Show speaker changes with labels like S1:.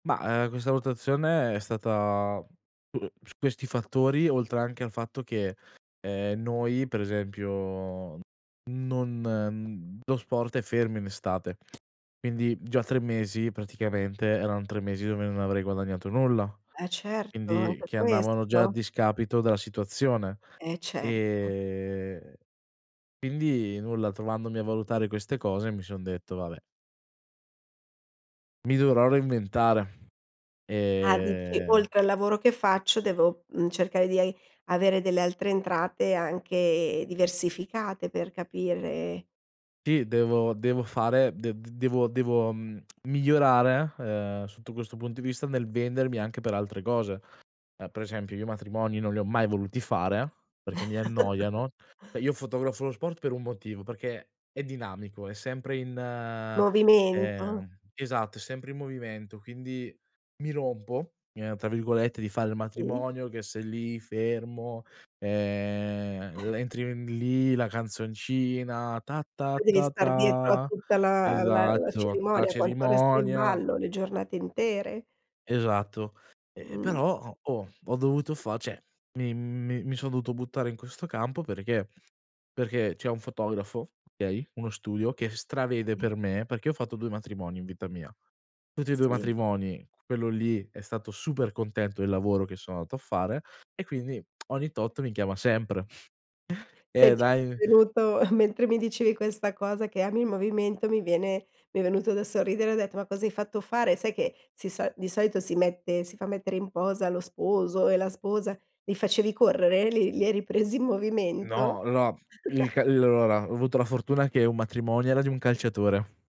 S1: Mah, ehm, questa rotazione è stata, uhm, su questi fattori, oltre anche al fatto che, ehm, noi per esempio non mhmm, lo sport è fermo in estate, quindi già 3 mesi praticamente eran 3 mesi dove non avrei guadagnato nulla,
S2: Eh certo,
S1: quindi
S2: anche
S1: che andavano già a
S2: questo.
S1: discapito della situazione.
S2: Eh, certo.
S1: Ehm, quindi nulla, trovandomi a valutare queste cose mi son detto: "Vabbè" "mi dovrò reinventare."
S2: Ah dici:
S1: Ehm
S2: "Oltre al lavoro che faccio, devo, mhmm, cercare di ai avere delle altre entrate anche diversificate, per capire"
S1: Sì, devo devo fare de d devo devo mhmm, devo migliorare, ehm, sotto questo punto di vista nel vendermi anche per altre cose. Ehm, per esempio io matrimoni non li ho mai voluti fare perché mi annoiano. Cioè io fotografo lo sport per un motivo, perché è dinamico, è sempre in,
S2: Movimento.
S1: ehm esatto, è sempre in movimento, quindi "mi rompo", ehm, tra virgolette di fare il
S2: Sì.
S1: matrimonio che sei lì, fermo, ehm, le entri n lì la canzoncina "Ta ta
S2: Poi devi
S1: ta
S2: star dietro a
S1: ta"
S2: tutta la la la
S1: esatto, la
S2: cerimonia, quanto resta in
S1: cerimonia.
S2: ballo, le giornate intere?
S1: Esatto. Ehm,
S2: Mh.
S1: però ho oh, ho dovuto fa cioè mi mi mi sono dovuto buttare in questo campo perché? Perché c'è un fotografo, okay? Uno studio che stravede per me, perché io ho fatto 2 matrimoni in vita mia. Tutti e 2
S2: Sì.
S1: matrimoni quello lì è stato super contento del lavoro che sono andato a fare e quindi ogni tot mi chiama sempre. Eh,
S2: Senti,
S1: dai
S2: venuto mentre mi dicevi questa cosa, che ami il movimento, mi viene mi è venuto da sorridere, ho detto: "Ma cosa hai fatto fare?" Sai che si so di solito si mette si fa mettere in posa lo sposo e la sposa, li facevi correre? Li li hai ripresi in movimento?
S1: No, la il ca [unintelligible] allora, ho avuto la fortuna che un matrimonio era di un calciatore.